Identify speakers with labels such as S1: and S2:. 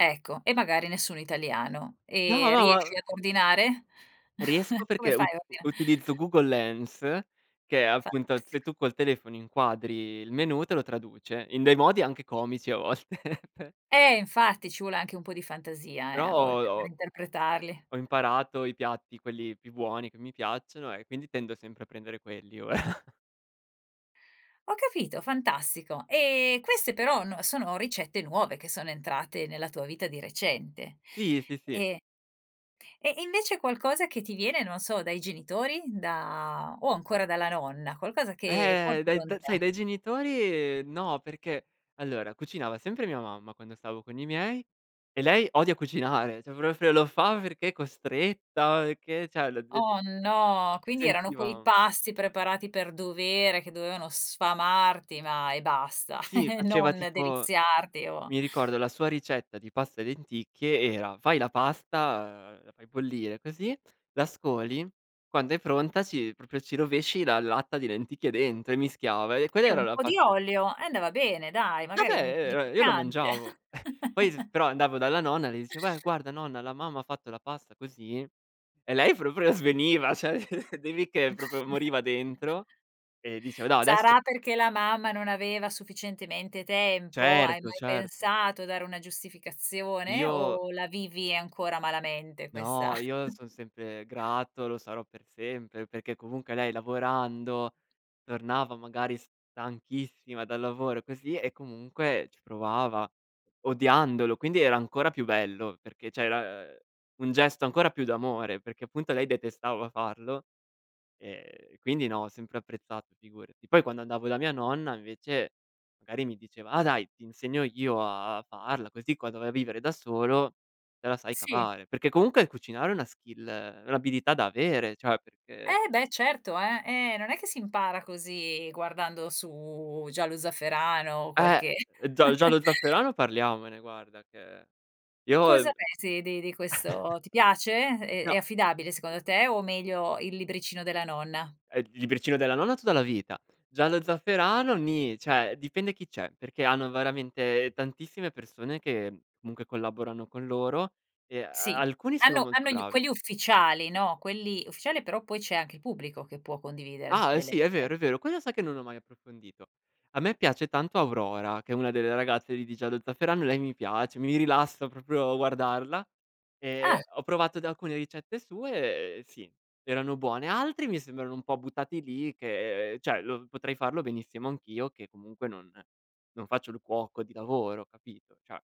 S1: Ecco e magari nessun italiano.
S2: No,
S1: Ehm,
S2: no,
S1: riesci
S2: ma
S1: ad ordinare?
S2: Riesco
S1: Come
S2: perché
S1: fai
S2: ut
S1: a ordina
S2: utilizzo Google Lens che è appunto se
S1: Fantastico.
S2: tu col telefono inquadri il menù, te lo traduce in dei modi anche comici a volte.
S1: Eh infatti, ci vuole anche un po' di fantasia, eh,
S2: Però
S1: a
S2: ho, uhm,
S1: volte per
S2: ho
S1: interpretarli.
S2: Ho imparato i piatti quelli più buoni che mi piacciono e quindi tendo sempre a prendere quelli ora.
S1: Ho capito, fantastico, ehm, queste però no sono ricette nuove che sono entrate nella tua vita di recente.
S2: Sì, sì, sì.
S1: Ehm e invece qualcosa che ti viene non so, dai genitori, da o ancora dalla nonna, qualcosa che
S2: Ehm,
S1: porti
S2: dai
S1: con
S2: dai sai
S1: te.
S2: dai genitori, ehm, no, perché allora cucinava sempre mia mamma, quando stavo con i miei e lei odia cucinare, cioè proprio lo fa perché è costretta, o che, cioè lo de
S1: Oh no, quindi erano quei
S2: sentivam
S1: pasti preparati per dovere che dovevano sfamarti ma e basta,
S2: Sì, faceva
S1: non
S2: tipo
S1: deliziarti o
S2: mi ricordo la sua ricetta di pasta e lenticchie era fai la pasta, ehm, la fai bollire così, la scoli, quando è pronta ci proprio ci rovesci la latta di lenticchie dentro e mischiava e quella
S1: Eh
S2: era
S1: un
S2: la
S1: po' di
S2: paste
S1: olio e andava bene dai, magari
S2: Vabbè,
S1: un po' di
S2: ehm, e e io lo
S1: piccante.
S2: mangiavo. Ehm, poi s però andavo dalla nonna e le dicevo: "Eh, guarda nonna, la mamma fatto la pasta così". E lei proprio sveniva, cioè devi che proprio moriva dentro, ehm, diceva: "No, adess"
S1: Sarà perché la mamma non aveva sufficientemente tempo hai
S2: Certo,
S1: mai
S2: certo.
S1: pensato a dare una giustificazione?
S2: Io
S1: O la vivi ancora malamente questa
S2: No, io son sempre grato, lo sarò per sempre, perché comunque lei lavorando, tornava magari stanchissima dal lavoro così e comunque ci provava odiandolo, quindi era ancora più bello perché cioè era, uhm, un gesto ancora più d'amore, perché appunto lei detestava farlo, ehm, quindi no, ho sempre apprezzato figurati. Poi quando andavo da mia nonna invece, magari mi diceva: "Ah dai, ti insegno io a farla così quando vai a vivere da solo, te la sai
S1: Sì.
S2: cavare". Perché comunque cucinare è una skill è un'abilità da avere, cioè perché
S1: Eh beh certo eh, e non è che si impara così guardando su Giallo zafferano o
S2: Ehm,
S1: qualche
S2: Gia Giallo zafferano parliamone guarda che io,
S1: Cosa
S2: ehm
S1: pensi di di questo ti piace? È è
S2: No
S1: affidabile secondo te o meglio il libricino della nonna?
S2: Eh il libricino della nonna tutta la vita, Giallo zafferano ni, cioè dipende chi c'è, perché hanno veramente tantissime persone che comunque collaborano con loro, ehm, e
S1: Sì,
S2: alcuni sono
S1: hanno
S2: molto
S1: hanno gli u
S2: bravi.
S1: quelli ufficiali, no? Quelli ufficiali però poi c'è anche il pubblico che può condividere
S2: Ah
S1: delle
S2: sì, è
S1: rice
S2: vero, è vero. Quello sa che non l'ho mai approfondito. A me piace tanto Aurora, che è una delle ragazze di di Giallo zafferano, e lei mi piace, mi rilassa proprio guardarla. Ehm,
S1: Ah.
S2: ho provato da alcune ricette sue, ehm, sì, erano buone. Altri mi sembrano un po' buttati lì che, ehm, cioè potrei farlo benissimo anch'io che comunque non non faccio il cuoco di lavoro, capito, cioè